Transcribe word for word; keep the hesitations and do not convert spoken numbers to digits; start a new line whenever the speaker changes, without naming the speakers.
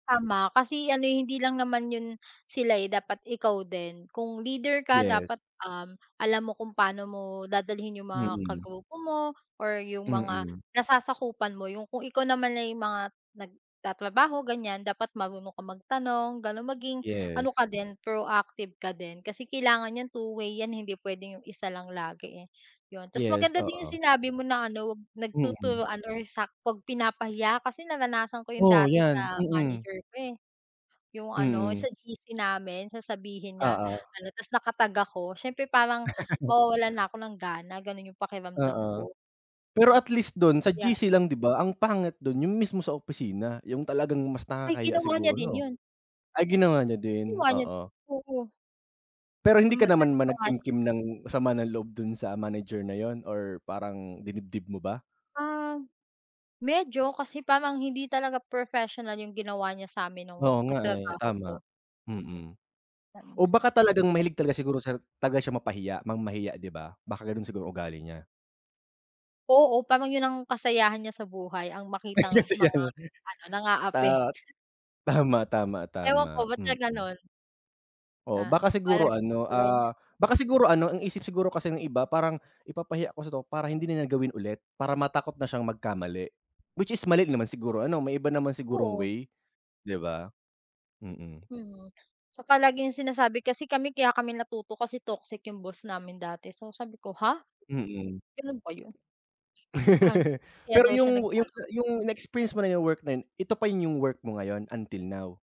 Tama kasi ano hindi lang naman yun sila eh, dapat ikaw din. Kung leader ka
Yes.
dapat alam mo kung paano mo dadalhin yung mga
Mm.
kagrupo mo or yung mga
Mm.
nasasakupan mo. Yung kung ikaw naman ay mga nagtatrabaho ganyan, dapat marunong ka magtanong ganon, maging ano
Yes.
ka din proactive ka din. Kasi kailangan niyang two-way yan. Hindi pwedeng 'yong isa lang lagi eh, 'yon. Tas
Yes
maganda din yung
oo.
sinabi mo na ano, 'wag
Mm.
nagtuturuan or sak pag pinapahiya kasi naranasan ko 'yon
Oo
dati
'yan,
sa
mm.
manager ko, eh, 'yong ano
Mm.
sa G-C namin sasabihin niya,
Oo.
ano tas naka-tag ako siyempre parang mawawalan na ako ng gana. Ganun yung pakiramdam
Oo.
ko.
Pero at least dun sa
Ya.
G-C lang di ba? Ang pangit dun yung mismo sa opisina yung talagang mas
Ay
nakakahiya
ginawa
siguro,
niya din
no?
yun.
Ay ginawa niya din,
Ginawa niya
oo.
Oo.
Pero hindi
M ma
ka naman
ano
ba
pa nga siya.
nag-kimkim ng sama ng loob dun sa manager na yun or parang dinibdib mo ba?
Ah, medyo kasi parang hindi talaga professional yung ginawa niya sa'min nung
Oo nga, eh,
katrabaho ko,
tama,
mm.
mm.
Lalo na
O baka talagang
kapag
mahilig talaga siguro siya taga siyang mapahiya mangmahiya 'di ba? Baka ganon siguro ugali niya.
Oo parang yun ang kasayahan niya sa buhay ang
Ay
makitang
kasi
mga
ganun.
ano, nang-aapI.
Tama. Tama, tama,
Ewan ko,
tama,
ba't siya
mm.
ganun.
Oo,
Ah,
baka
bahala
siguro
siya sa
ano,
buhay niya.
ah, baka siguro ano ang isip siguro kasi ng iba parang, "Ipapahiya ko kasi to para hindi na niya gawin ulit, para matakot na siyang magkamali." Which is mali naman siguro ano, may iba naman sigurong
Oo.
way 'di ba, mm.
Mm. Tsaka laging sinasabi kasi kami kaya kami natuto kasi toxic yung boss namin dati so sabi ko, ha.
Mm.
Ganun ba yun? Ah, kaya
Pero
daw siya
yung yung
nag-ano.
yung na-experience mo na yung work na ito pa yun yung work mo ngayon until now?